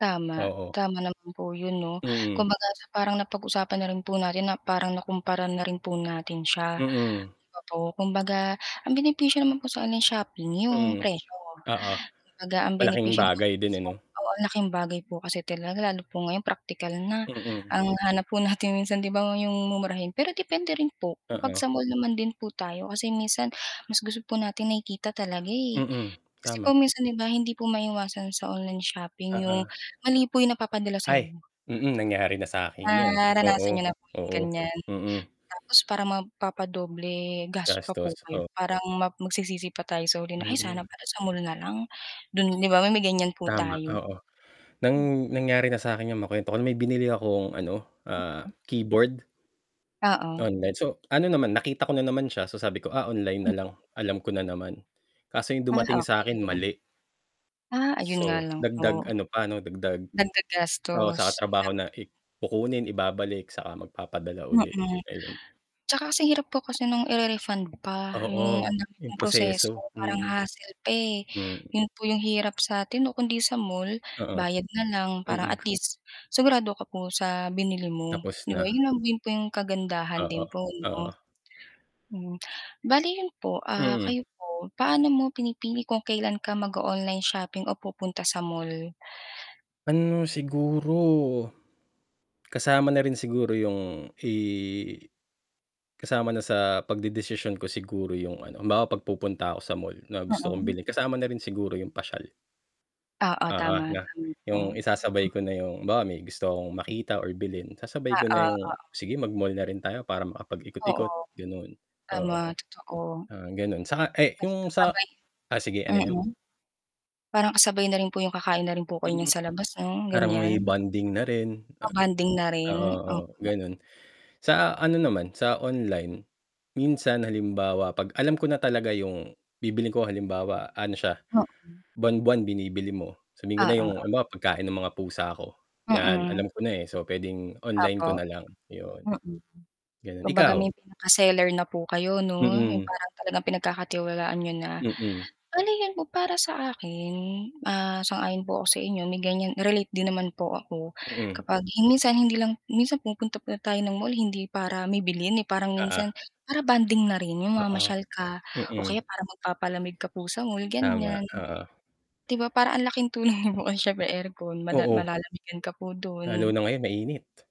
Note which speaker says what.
Speaker 1: Tama,
Speaker 2: Oo.
Speaker 1: tama naman po yun, 'no,
Speaker 2: Mm.
Speaker 1: kumbaga, parang napag-usapan na rin po natin, na parang, nakumpara na rin po natin siya.
Speaker 2: Mm.
Speaker 1: Opo, kumbaga, ang benepisyo naman po sa online shopping yung
Speaker 2: Mm.
Speaker 1: presyo.
Speaker 2: Oo,
Speaker 1: Kumbaga, ang
Speaker 2: malaking
Speaker 1: benepisyo naman po
Speaker 2: bagay din, eh, 'no.
Speaker 1: oo, ng laking bagay po kasi talaga, lalo po ngayon praktikal na.
Speaker 2: Mm.
Speaker 1: Ang hanap po natin minsan, 'di ba, yung mumurahin, pero depende rin po, kapag
Speaker 2: Oo.
Speaker 1: sa mall naman din po tayo kasi minsan, mas gusto po natin nakikita talaga, eh,
Speaker 2: Mm,
Speaker 1: kasi
Speaker 2: tama.
Speaker 1: po minsan, 'di ba, hindi po maiwasan sa online shopping yung
Speaker 2: Oo.
Speaker 1: mali po 'yung napapadala sayo.
Speaker 2: Ay, mm, nangyari na sakin yan.
Speaker 1: Naranasan
Speaker 2: Oo,
Speaker 1: niyo na po yung,
Speaker 2: oo,
Speaker 1: ganyan,
Speaker 2: mm.
Speaker 1: tapos parang mapa-padoble gasto pa po
Speaker 2: Gastos
Speaker 1: kayo,
Speaker 2: oh.
Speaker 1: parang mag magsisisi pa tayo sa huli, ay
Speaker 2: Mm.
Speaker 1: sana pala sa mall nalang. Dun, 'di ba, may may ganyan po
Speaker 2: Tama
Speaker 1: tayo.
Speaker 2: oo,
Speaker 1: Mm.
Speaker 2: nang nangyari na sakin yung makwento ko, may binili akong, ano, ah, keyboard
Speaker 1: Oo.
Speaker 2: online so ano, naman nakita ko na naman siya. So, sabi ko, ah, online nalang, alam ko na naman, kaso yung
Speaker 1: Ah,
Speaker 2: dumating sakin
Speaker 1: okey.
Speaker 2: mali.
Speaker 1: Ah, ayun nga
Speaker 2: So,
Speaker 1: lang
Speaker 2: dagdag
Speaker 1: po.
Speaker 2: ano pa, 'no, dagdag
Speaker 1: Dagdag
Speaker 2: oo,
Speaker 1: gastos,
Speaker 2: sa
Speaker 1: ayun
Speaker 2: katrabaho
Speaker 1: lang.
Speaker 2: na, e kukunin, ibabalik saka magpapadala ulit.
Speaker 1: Mhm.
Speaker 2: Ayun.
Speaker 1: tsaka kasi hirap po kasi ng i-re-refund pa 'yong
Speaker 2: Oo
Speaker 1: ang dami
Speaker 2: yung
Speaker 1: pong proseso.
Speaker 2: proseso.
Speaker 1: Parang
Speaker 2: Mm,
Speaker 1: hassle pa eh,
Speaker 2: hmm.
Speaker 1: 'yon po 'yong hirap sa atin, 'no? Kundi sa mall,
Speaker 2: Oo.
Speaker 1: bayad na lang parang at
Speaker 2: Mm.
Speaker 1: least, sigurado ka po sa binili mo,
Speaker 2: Tapos
Speaker 1: 'di ba? Yun
Speaker 2: na.
Speaker 1: lang din po 'yong kagandahan din
Speaker 2: Oo,
Speaker 1: po, 'no.
Speaker 2: oo.
Speaker 1: Mm, bale yun po, ah,
Speaker 2: Mm.
Speaker 1: kayo po, paano mo pinipili kung kailan ka mag-o-online shopping o pupunta sa mall?
Speaker 2: Ano, siguro. Kasama na rin siguro yung, eh. Kasama na sa pagdedesisyon ko siguro yung ano, halimbawa pag pupunta ako sa mall, na gusto kong
Speaker 1: Mhm.
Speaker 2: bilhin kasama na rin siguro yung pasyal.
Speaker 1: Oo,
Speaker 2: Oo,
Speaker 1: tama,
Speaker 2: 'no,
Speaker 1: tama po.
Speaker 2: yung
Speaker 1: Mm.
Speaker 2: isasabay ko na yung, halimbawa may gusto akong makita or bilhin, sasabay ko
Speaker 1: Oo,
Speaker 2: na yung
Speaker 1: oo.
Speaker 2: sige mag-mall na rin tayo para makapagikot-ikot,
Speaker 1: Oo.
Speaker 2: ganun,
Speaker 1: Tama,
Speaker 2: oo.
Speaker 1: totoo.
Speaker 2: Ah, ganun, sa, eh
Speaker 1: Basta
Speaker 2: yung
Speaker 1: sa
Speaker 2: sa,
Speaker 1: may
Speaker 2: ah sige, ano, yan?
Speaker 1: mm. Parang kasabay na rin po yung kakain na rin po kayo nyan
Speaker 2: Mm,
Speaker 1: sa labas, no,
Speaker 2: parang may
Speaker 1: ganyan.
Speaker 2: bonding na rin.
Speaker 1: Bonding na
Speaker 2: Oo,
Speaker 1: rin.
Speaker 2: oo,
Speaker 1: Opo.
Speaker 2: ganun, sa, ano, naman sa online, minsan halimbawa pag alam ko na talaga yung bibilhin ko halimbawa, ano, siya
Speaker 1: Oo.
Speaker 2: buwan-buwan binibili mo, sabihin ko na yung,
Speaker 1: Oo.
Speaker 2: halimbawa, pagkain ng mga pusa ko, 'yan,
Speaker 1: Mm.
Speaker 2: alam ko na, eh, so, pwedeng online ko na
Speaker 1: Opo,
Speaker 2: lang 'yun.
Speaker 1: mm.
Speaker 2: Ganon,
Speaker 1: Kung baga
Speaker 2: ikaw?
Speaker 1: may pinaka-seller na po kayo, 'no, 'yung
Speaker 2: Mm.
Speaker 1: parang talagang pinagkakatiwalaan niyo na.
Speaker 2: Mm.
Speaker 1: Ano, yun po para sa akin, ah, sang-ayon po ako sa inyo may, ganyan relate din naman po ako,
Speaker 2: Mm.
Speaker 1: kapag minsan hindi lang minsan pumupunta pala tayo ng mall hindi para may bilhin, eh, parang
Speaker 2: Oo.
Speaker 1: minsan para bonding na rin na
Speaker 2: Oo.
Speaker 1: mamasyal ka o
Speaker 2: Mm.
Speaker 1: kaya para magpapalamig ka po sa mall,
Speaker 2: Tama.
Speaker 1: ganyan.
Speaker 2: Oo.
Speaker 1: 'Di ba, parang ang laking tulong nun syempre aircon mala
Speaker 2: Oo.
Speaker 1: malalamigan ka po
Speaker 2: Lalo
Speaker 1: dun.
Speaker 2: na ngayon mainit.